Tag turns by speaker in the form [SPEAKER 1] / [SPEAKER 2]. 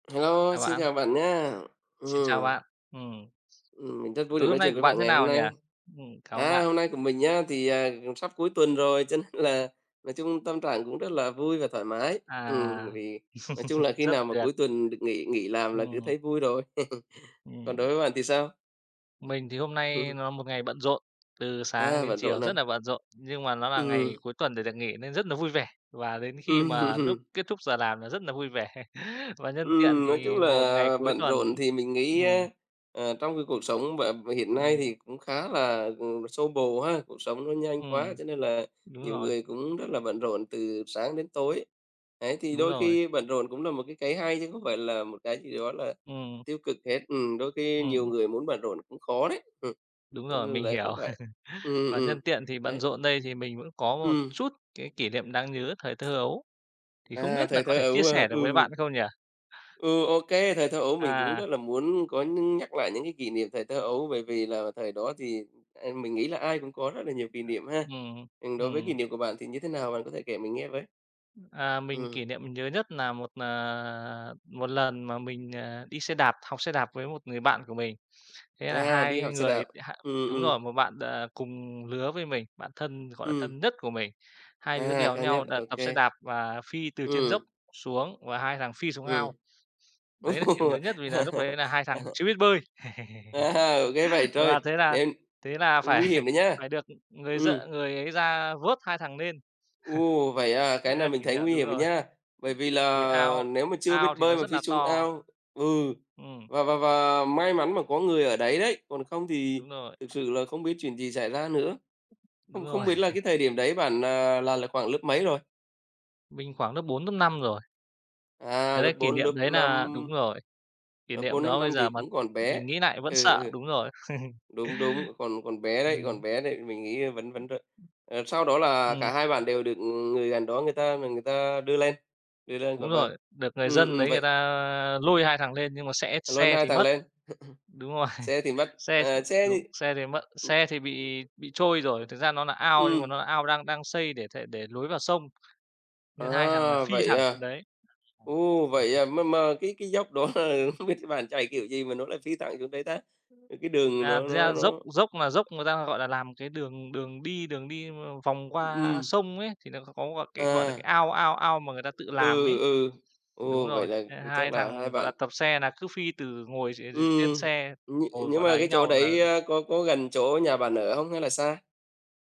[SPEAKER 1] Hello,
[SPEAKER 2] Chào
[SPEAKER 1] xin
[SPEAKER 2] bạn.
[SPEAKER 1] chào bạn nhá.
[SPEAKER 2] Xin chào
[SPEAKER 1] Ừm.
[SPEAKER 2] bạn. Ừm,
[SPEAKER 1] Ừm, mình rất
[SPEAKER 2] buổi
[SPEAKER 1] vui được
[SPEAKER 2] tối hôm
[SPEAKER 1] nói
[SPEAKER 2] nay
[SPEAKER 1] chuyện
[SPEAKER 2] của
[SPEAKER 1] với
[SPEAKER 2] bạn
[SPEAKER 1] bạn
[SPEAKER 2] thế
[SPEAKER 1] ngày hôm
[SPEAKER 2] nào nhỉ?
[SPEAKER 1] nay.
[SPEAKER 2] Ừm, cảm ơn
[SPEAKER 1] À,
[SPEAKER 2] bạn.
[SPEAKER 1] hôm nay của mình nhá, thì, à, cũng sắp cuối tuần rồi cho nên là nói chung tâm trạng cũng rất là vui và thoải mái. Ừm,
[SPEAKER 2] À,
[SPEAKER 1] vì nói chung là khi
[SPEAKER 2] rất
[SPEAKER 1] nào mà
[SPEAKER 2] tuyệt.
[SPEAKER 1] cuối tuần được nghỉ nghỉ làm là cứ
[SPEAKER 2] Ừm.
[SPEAKER 1] thấy vui rồi. Còn đối
[SPEAKER 2] Ừm.
[SPEAKER 1] với bạn thì sao?
[SPEAKER 2] Mình thì hôm nay nó một ngày bận rộn, từ sáng
[SPEAKER 1] A,
[SPEAKER 2] đến
[SPEAKER 1] bận
[SPEAKER 2] chiều
[SPEAKER 1] rộn à.
[SPEAKER 2] rất là bận rộn. Nhưng mà nó là ngày
[SPEAKER 1] Ừm.
[SPEAKER 2] cuối tuần để được nghỉ nên rất nà vui vẻ, và đến khi mà
[SPEAKER 1] Ừm.
[SPEAKER 2] lúc kết thúc giờ làm là rất là vui vẻ. Và nhân tiện
[SPEAKER 1] Ừm, nói chung
[SPEAKER 2] thì một ngày
[SPEAKER 1] là
[SPEAKER 2] cuối
[SPEAKER 1] bận
[SPEAKER 2] tuần
[SPEAKER 1] rộn thì mình nghĩ
[SPEAKER 2] ừm.
[SPEAKER 1] á, à, trong cái cuộc sống b hiện nay
[SPEAKER 2] Ừm.
[SPEAKER 1] thì cũng khá là, ừm, xô bồ ha. Cuộc sống nó nhanh quá
[SPEAKER 2] Ừm,
[SPEAKER 1] cho nên là
[SPEAKER 2] đúng
[SPEAKER 1] nhiều
[SPEAKER 2] rồi.
[SPEAKER 1] người cũng rất là bận rộn từ sáng đến tối. Đấy, thì
[SPEAKER 2] Đúng
[SPEAKER 1] đôi
[SPEAKER 2] rồi.
[SPEAKER 1] khi bận rộn cũng là một cái cái hay, chứ không phải là một cái gì đó là
[SPEAKER 2] Ừm.
[SPEAKER 1] tiêu cực hết. Ừm, đôi khi nhiều
[SPEAKER 2] Ừm.
[SPEAKER 1] người muốn bận rộn cũng khó đấy. Ừm,
[SPEAKER 2] Đúng
[SPEAKER 1] cho
[SPEAKER 2] rồi,
[SPEAKER 1] nên là
[SPEAKER 2] mình
[SPEAKER 1] đấy cũng
[SPEAKER 2] hiểu.
[SPEAKER 1] vậy. Ừm, ừm,
[SPEAKER 2] Và
[SPEAKER 1] ừm,
[SPEAKER 2] nhân tiện thì bận
[SPEAKER 1] đấy.
[SPEAKER 2] rộn đây thì mình vẫn có một
[SPEAKER 1] Ừm.
[SPEAKER 2] chút cái kỷ niệm đáng nhớ thời thơ ấu. Thì không
[SPEAKER 1] À,
[SPEAKER 2] biết nà
[SPEAKER 1] thời
[SPEAKER 2] có
[SPEAKER 1] thơ
[SPEAKER 2] thể chia
[SPEAKER 1] ấu, ờ,
[SPEAKER 2] sẻ được với
[SPEAKER 1] ừ.
[SPEAKER 2] bạn không nhỉ?
[SPEAKER 1] Ừ, OK. Thời thơ ấu mình cũng
[SPEAKER 2] À.
[SPEAKER 1] rất là muốn có nhưng nhắc lại những cái kỷ niệm thời thơ ấu, bởi vì là thời đó thì, à, mình nghĩ là ai cũng có rất là nhiều kỷ niệm ha.
[SPEAKER 2] Ừm,
[SPEAKER 1] Ừm, đối với kỷ
[SPEAKER 2] ừm.
[SPEAKER 1] niệm của bạn thì như thế nào? Bạn có thể kể mình nghe với.
[SPEAKER 2] À, mình
[SPEAKER 1] Ừm.
[SPEAKER 2] kỷ niệm mình nhớ nhất nà một, à, một lần mà mình, à, đi xe đạp học xe đạp với một người bạn của mình. Thế là
[SPEAKER 1] À, đi
[SPEAKER 2] hai
[SPEAKER 1] học xe đạp,
[SPEAKER 2] người h
[SPEAKER 1] ừm,
[SPEAKER 2] đúng rồi,
[SPEAKER 1] ừm.
[SPEAKER 2] một bạn, ờ, cùng lứa với mình, bạn thân, gọi là, thân
[SPEAKER 1] Ừm.
[SPEAKER 2] nhất của mình. Hai đứa
[SPEAKER 1] À,
[SPEAKER 2] đèo
[SPEAKER 1] cao nhất,
[SPEAKER 2] nhau đ
[SPEAKER 1] OK.
[SPEAKER 2] tập xe đạp và phi từ trên dốc
[SPEAKER 1] Ừm.
[SPEAKER 2] xuống và hai thằng phi xuống ao.
[SPEAKER 1] Ừm.
[SPEAKER 2] Đấy là kiểu
[SPEAKER 1] Ô!
[SPEAKER 2] nhớ nhất vì là núc đấy là hai thằng chưa biết bơi,
[SPEAKER 1] À, ghê vậy trời!
[SPEAKER 2] và thế là
[SPEAKER 1] Nên
[SPEAKER 2] thế là phải
[SPEAKER 1] nguy hiểm đấy nhá,
[SPEAKER 2] phải được, ừm, người d
[SPEAKER 1] ừm.
[SPEAKER 2] người ấy ra vớt hai thằng nên.
[SPEAKER 1] Ồ! Vậy à, cái
[SPEAKER 2] Đấy là
[SPEAKER 1] này mình
[SPEAKER 2] kỷ
[SPEAKER 1] thấy
[SPEAKER 2] niệm
[SPEAKER 1] nguy
[SPEAKER 2] đúng
[SPEAKER 1] hiểm
[SPEAKER 2] rồi.
[SPEAKER 1] nha. Bởi vì
[SPEAKER 2] Vì
[SPEAKER 1] là
[SPEAKER 2] ao
[SPEAKER 1] nếu mà chưa biết
[SPEAKER 2] ao thì
[SPEAKER 1] bơi
[SPEAKER 2] nó
[SPEAKER 1] mà
[SPEAKER 2] rất
[SPEAKER 1] phi
[SPEAKER 2] là
[SPEAKER 1] xuống
[SPEAKER 2] to.
[SPEAKER 1] ao ừ,
[SPEAKER 2] Ừm.
[SPEAKER 1] và và và may mắn mà có người ở đấy đấy, còn không thì
[SPEAKER 2] Đúng rồi.
[SPEAKER 1] thực sự là không biết chuyện gì xảy ra nữa.
[SPEAKER 2] Đúng
[SPEAKER 1] Không không
[SPEAKER 2] rồi
[SPEAKER 1] biết là cái thời điểm đấy bạn, à, là lớp khoảng lớp mấy rồi?
[SPEAKER 2] Mình khoảng lớp 4, lớp 5 rồi.
[SPEAKER 1] À,
[SPEAKER 2] Đấy,
[SPEAKER 1] lớp
[SPEAKER 2] đấy, kỷ
[SPEAKER 1] 4, lớp
[SPEAKER 2] niệm đấy nà
[SPEAKER 1] 5.
[SPEAKER 2] đúng rồi. Kỷ
[SPEAKER 1] Lớp
[SPEAKER 2] niệm
[SPEAKER 1] 4, lớp
[SPEAKER 2] đó bây
[SPEAKER 1] 5 thì
[SPEAKER 2] giờ mà
[SPEAKER 1] cũng còn bé.
[SPEAKER 2] mình nghĩ nại vẫn
[SPEAKER 1] Ừ,
[SPEAKER 2] sợ,
[SPEAKER 1] ừ.
[SPEAKER 2] đúng rồi.
[SPEAKER 1] Đúng, đúng, còn còn bé đấy, còn
[SPEAKER 2] Ừm.
[SPEAKER 1] bé nên mình nghĩ vẫn vẫn r ờ, sau đó là cả
[SPEAKER 2] Ừm.
[SPEAKER 1] hai bạn đều được người gần đó người ta ờ, người ta đưa lên, đưa lên khỏi
[SPEAKER 2] Đúng
[SPEAKER 1] bờ.
[SPEAKER 2] rồi, được người
[SPEAKER 1] Ừm,
[SPEAKER 2] dân
[SPEAKER 1] ừm,
[SPEAKER 2] đấy người
[SPEAKER 1] vậy
[SPEAKER 2] ta lôi hai thằng lên nhưng mà sẽ
[SPEAKER 1] Lôi
[SPEAKER 2] xe
[SPEAKER 1] hai
[SPEAKER 2] thì
[SPEAKER 1] thằng
[SPEAKER 2] mất.
[SPEAKER 1] lên.
[SPEAKER 2] Đúng rồi,
[SPEAKER 1] Xe thì mất,
[SPEAKER 2] xe
[SPEAKER 1] ờ, xe
[SPEAKER 2] đúng,
[SPEAKER 1] thì
[SPEAKER 2] xe thì mất xe thì bị bị trôi rồi, thực ra nó nà ao nhưng mà
[SPEAKER 1] Ừm.
[SPEAKER 2] nó là ao đang đang xây để th để lối vào sông, nên hai thằng là
[SPEAKER 1] À,
[SPEAKER 2] phi
[SPEAKER 1] vậy
[SPEAKER 2] thẳng
[SPEAKER 1] à.
[SPEAKER 2] xuống đấy. [unintelligible]
[SPEAKER 1] Ô! Vậy à, mà mà cái cái dốc đó, à, không biết bạn chạy kiểu gì mà nó lại phi thẳng xuống đấy ta? Ờ, cái đường
[SPEAKER 2] À,
[SPEAKER 1] nó
[SPEAKER 2] thực
[SPEAKER 1] nó
[SPEAKER 2] ra dốc
[SPEAKER 1] nó
[SPEAKER 2] dốc mà dốc người ta, gọi là, làm cái đường đường đi đường đi vòng qua
[SPEAKER 1] Ừm.
[SPEAKER 2] sông ấy, thì nà nó có một cái, gọi là, cái
[SPEAKER 1] À.
[SPEAKER 2] ao ao ao mà người ta tự làm
[SPEAKER 1] Ừ,
[SPEAKER 2] ấy.
[SPEAKER 1] ừ.
[SPEAKER 2] Đúng
[SPEAKER 1] Ồ!
[SPEAKER 2] rồi,
[SPEAKER 1] Vậy là
[SPEAKER 2] thế là hai
[SPEAKER 1] chắc là hai
[SPEAKER 2] thằng, gọi
[SPEAKER 1] bạn
[SPEAKER 2] là, tập xe nà cứ phi từ ngồi, ừ, ừ, trên
[SPEAKER 1] Ừm,
[SPEAKER 2] xe,
[SPEAKER 1] nh
[SPEAKER 2] ngồi,
[SPEAKER 1] nhưng
[SPEAKER 2] gọi nà,
[SPEAKER 1] mà
[SPEAKER 2] ấy
[SPEAKER 1] cái chỗ
[SPEAKER 2] nhau là
[SPEAKER 1] đấy, a, có có gần chỗ nhà bạn ở hông hay là xa?